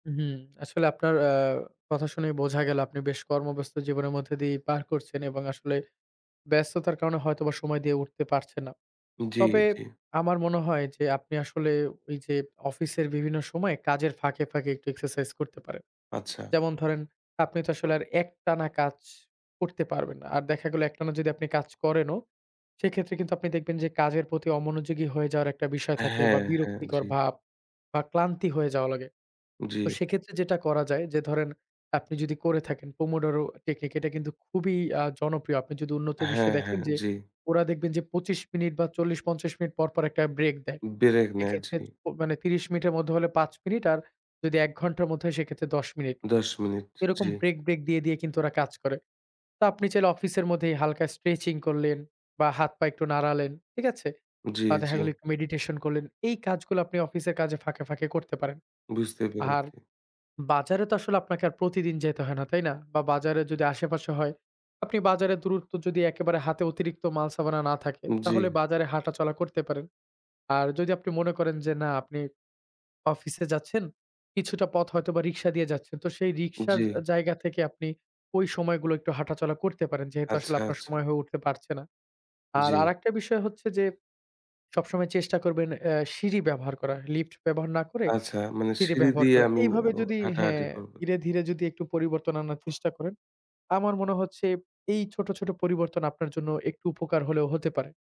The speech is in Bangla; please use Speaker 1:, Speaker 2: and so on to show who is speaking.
Speaker 1: হুম। আসলে আপনার আ কথা শুনেই বোঝা গেল আপনি বেশ কর্মব্যস্ত জীবনের মধ্যে দিয়ে পার করছেন এবং আসলে ব্যস্ততার কারণে হয়তোবা সময় দিয়ে উঠতে পারছেন না।
Speaker 2: জি,
Speaker 1: তবে
Speaker 2: জি।
Speaker 1: আমার মনে হয় যে আপনি আসলে ওইযে অফিসের বিভিন্ন সময় কাজের ফাঁকে, ফাঁকে একটু এক্সারসাইজ করতে পারেন।
Speaker 2: আচ্ছা।
Speaker 1: যেমন ধরেন আপনি তো আসলে আর একটানা কাজ করতে পারবেন না। আর দেখা গেল একটানা যদি আপনি কাজ করেনও, সেক্ষেত্রে কিন্তু আপনি দেখবেন যে কাজের প্রতি অমনোযোগী হয়ে যাওয়ার একটা বিষয় থাকে বা,
Speaker 2: হ্যাঁ, হ্যাঁ।
Speaker 1: বিরক্তিকর
Speaker 2: জি।
Speaker 1: ভাব বা, ক্লান্তি হয়ে যাওয়া লাগে। তো
Speaker 2: জি।
Speaker 1: সেক্ষেত্রে যেটা করা যায় যে, ধরেন, আপনি যদি করে থাকেন pomodoro টেকনিক, এটা কিন্তু খুবই আ জনপ্রিয়। আপনি যদি উন্নত বিশ্বে
Speaker 2: হ্যাঁ,
Speaker 1: দেখেন
Speaker 2: হ্যাঁ।
Speaker 1: যে
Speaker 2: জি।
Speaker 1: ওরা দেখবেন যে ২৫ মিনিট বা, ৪০, ৫০ মিনিট পর, পর একটা ব্রেক দেয়।
Speaker 2: ব্রেক নেয়।
Speaker 1: এক্ষেত্রে
Speaker 2: জি।
Speaker 1: মানে ৩০ মিনিটের মধ্যে হলে ৫ মিনিট আর যদি ১ ঘন্টার মধ্যে হয় সেক্ষেত্রে ১০ মিনিট।
Speaker 2: ১০ মিনিট।
Speaker 1: এরকম
Speaker 2: জি।
Speaker 1: ব্রেক, ব্রেক দিয়ে দিয়ে কিন্তু ওরা কাজ করে। তো আপনি চাইলে অফিসের মধ্যেই হালকা স্ট্রেচিং করলেন বা, হাত পা একটু নাড়ালেন। ঠিক আছে?
Speaker 2: জি,
Speaker 1: বা, দেখা
Speaker 2: জি।
Speaker 1: গেলো একটু মেডিটেশন করলেন। এই কাজগুলো আপনি অফিসের কাজে ফাঁকে, ফাঁকে করতে পারেন।
Speaker 2: বুঝতে
Speaker 1: আর
Speaker 2: পেরেছি।
Speaker 1: বাজারে তো আসলে আপনাকে আর প্রতিদিন যেতে হয় না, তাই না? বা, বাজারে যদি আশেপাশে হয়, আপনি বাজারের দূরত্ব যদি একেবারে হাতে অতিরিক্ত মাল সামালা না থাকে,
Speaker 2: জি।
Speaker 1: তাহলে বাজারে হাঁটাচলা করতে পারেন। আর যদি আপনি মনে করেন যে, না, আপনি অফিসে যাচ্ছেন, কিছুটা পথ হয়তোবা রিক্সা দিয়ে যাচ্ছেন। তো সেই রিকশার আ
Speaker 2: জি।
Speaker 1: জায়গা থেকে আপনি ওই সময়গুলো একটু হাঁটাচলা করতে পারেন। যেহেতু আসলে
Speaker 2: আচ্ছা,
Speaker 1: আপনার
Speaker 2: আচ্ছা।
Speaker 1: সময় হয়ে উঠতে পারছে না। আর
Speaker 2: জি।
Speaker 1: আরেকটা বিষয় হচ্ছে যে সবসময় চেষ্টা করবেন অ্যা সিঁড়ি ব্যবহার করা। লিফট ব্যবহার না করে
Speaker 2: আচ্ছা, মানে
Speaker 1: সিঁড়ি
Speaker 2: সিঁড়ি
Speaker 1: ব্যবহার
Speaker 2: দিয়ে
Speaker 1: করা।
Speaker 2: আমি
Speaker 1: এইভাবে
Speaker 2: অ
Speaker 1: যদি
Speaker 2: হাঁটাহাঁটি
Speaker 1: হ্যাঁ,
Speaker 2: করবো।
Speaker 1: ধীরে, ধীরে যদি একটু পরিবর্তন আনার চেষ্টা করেন, আমার মনে হচ্ছে এই ছোট, ছোট পরিবর্তন আপনার জন্য একটু উপকার হলেও হতে পারে।